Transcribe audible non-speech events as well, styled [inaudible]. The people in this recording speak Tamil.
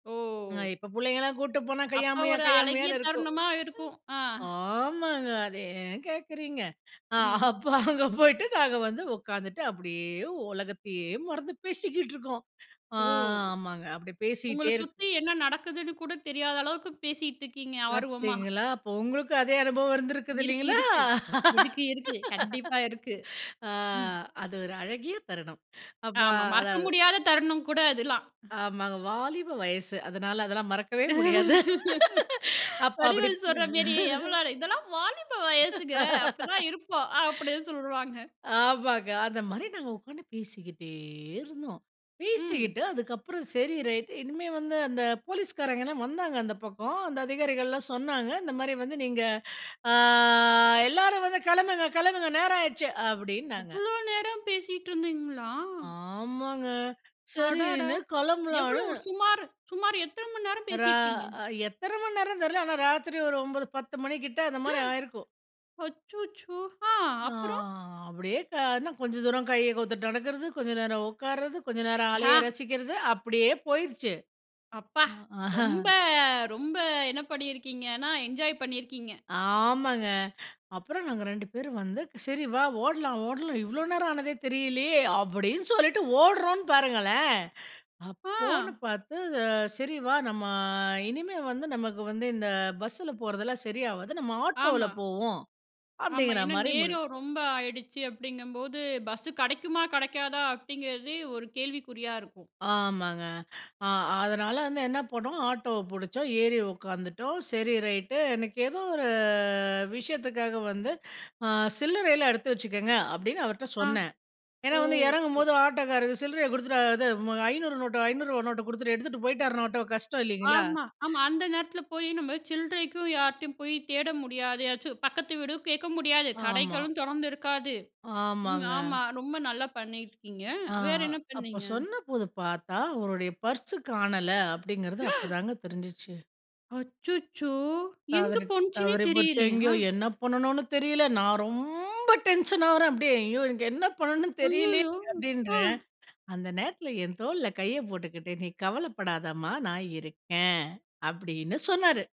அ ஓ! இப்ப புள்ளைங்கெல்லாம் கூட்டு போனா அப்ப கையமுயா ஒரு அழகிய கையாமுயான்னு இருக்கும். தருணமா இருக்கும்! ஆஹ். ஆமாங்க. அத ஏன் கேட்கிறீங்க. அ ம். அப்போ அங்க போயிட்டு நாங்க வந்து உட்கார்ந்துட்டு, அப்பிடியே உலகத்தையே மறந்து பேசிக்கிட்டு இருக்கோம். ஆ, ஓ! ஆமாங்க. அப்டி உங்கள பேசீட்டே இருக் சுத்தி என்ன நடக்குதுன்னு கூட தெரியாத அளவுக்கு பேசிக்கிட்டுருக்கீங்க, ஆர்வமா. பாத்தீங்களா அப்ப உங்களுக்கும் அதே அனுபவம் இருந்துருக்கிது இருக்கு, இல்லைங்களா? இருக்கு. இருக்கு, இருக்கு. கண்டிப்பா இருக்கு. [laughs] ஆ, ம். அது ஒரு அழகிய தருணம். அப்ப ஆமா. மறக்க அதாது முடியாத தருணம்கூட அதுல்லாம். ஆமாங்க. வாலிப வயசு. அதனால அதெல்லாம் மறக்கவே முடியாது. அப்ப அப்டி வடிவேலு சொல்றமேரி எவ்ளோ இதெல்லாம் வாலிப வயசுங்க. அப்டிதான் இருப்போம். அப்பிடின்னு சொல்லுவாங்க. [laughs] ஆமாங்க. அந்த மாரி நாங்க உட்கார்ந்து பேசிக்கிட்டே இருந்தோம். ம். பேசிக்கிட்டு அதுக்கப்புறம் செரி ரைட் இனிமே வந்து அந்த போலீஸ்காரங்கள்லாம் வந்தாங்க அந்த பக்கம் அந்த அதிகாரிகள்லாம் சொன்னாங்க, இந்த மாரி வந்து நீங்க ஆ, "எல்லாரும் வந்து கெளம்புங்க, கெளம்புங்க. நேரம் ஆயிடுச்சு"அப்டின்னாங்க. அவ்ளோ நேரம் பேசீட்டுருந்தீங்களா? ஆமாங்க. அடடா! சரின்னு எவ்ளோ கெளம்பலான்னு ஒரு சுமார் சுமார் எத்தன மண்நேரம் ரா பேசிருப்பீங்க? அ எத்தன மண்நேரம்ன்னு தெரில, ஆனா ராத்திரி ஒரு 9:00, 10:00 மணி கிட்ட அந்த மாரி ஆயிருக்கும். அச்சச்சோ! ஆ, ஆ அப்புறம்! அப்டியே கானா கொஞ்சம் தூரம் கைய கோத்துட்டு நடக்கறது, கொஞ்சம் நேரம் உட்கார்றது, கொஞ்சம் நேரம் ஹா. அலைய ரசிக்கறது, அப்பிடியே போயிருச்சு! அப்பா! அ, அஹ. ரொம்ப, ரொம்ப என்ன பண்ணிருக்கீங்கன்னா என்ஜாய் பண்ணிருக்கீங்க. ஆமாங்க. அப்புறம் நாங்க 2 பேரும் வந்து சரி வா! ஓட்லாம், ஓட்லாம் இவ்ளோ நேரம் ஆனதே தெரியலயே! அப்புடின்னு சொல்லிட்டு ஓடுறோன்னு பாருங்களேன்! ஆ! அப்போன்னு பார்த்து அ "சரி வா! நம்மா இனிமே வந்து நமக்கு வந்து இந்த பஸ்ல போறதெல்லாம் சரியாவாது. நம்ம ஆட்டோல ஆமா. போவோம்." ஆமா. அப்பிடிங்கிற ஏன்னா மாதிரி முடிவ் நேரொம் ரொம்ப ஆயிடுச்சு அப்டிங்கும்போது பஸ்ஸு கெடைக்குமா, கெடைக்காதா அப்டிங்கறது ஒரு கேள்விக்குறியா இருக்கும். ஆமாங்க. ஆ அதனால வந்து என்ன பண்ணோம். ஆட்டோவ பிடிச்சோம். ஏறி உட்காந்துட்டோம். சரி ரைட்டு. எனக்கு ஏதோ ஒரு விஷயத்துக்காக வந்து ஆ சில்லறையெல்லாம் எடுத்து வெச்சுக்கங்க அப்டின்னு அவர்ட்ட ஆ, சொன்னேன். ஏன்னா, ஓ! வந்து [unintelligible] இறங்கும்போது ஆட்டோக்காருக்கு சில்றய கொடுத்துட்டு இது 500 நோட்டு, ரூ. 500 நோட்ட குடுத்துட்டு எடுத்துட்டு போயிட்டார்ன்னா ஆட்டோ கஷ்டம் இல்லீங்களா? ஆமா, ஆமா. அந்த நேரத்தில போய் நம்ம சில்றைக்கும் யார்ட்டயும் போய் தேட முடியாது. ஏதாச்சு பக்கத்து வீடு கேட்க முடியாது, ஆமா. கடைகளும் தொறந்துருக்காது. ம் ஆமாங்க. ஆமா. ரொம்ப நல்லா பண்ணியிருக்கீங்க! ஆ, வேற என்ன அப்ப பண்ணீங்க? சொன்னபோது பாத்தா அவருடைய பர்ஸ் காணல, அப்டிங்கறது அப்பதாங்க தெரிஞ்சுச்சு. அச்சச்சோ! எங்க தவறி, போணுச்சுனே தவறி போச்சு. தெரிலையா? எங்கயோ என்ன பண்ணனுன்னு தெரில. நான் ரொம்ப டென்ஷன் ஆகறேன். அப்பிடியே "ஐயோ! எனக்கு என்ன பண்ணனுன்னு தெரியலயே! ஐய்யய்யோ! ஆ, அப்பிடின்றேன்." அந்த நேரத்துல என் தோள்ல கைய போட்டுக்கிட்டு நீ கவலப்படாதம்மா! நான் இருக்கேன் அப்பிடின்னு சொன்னாரு.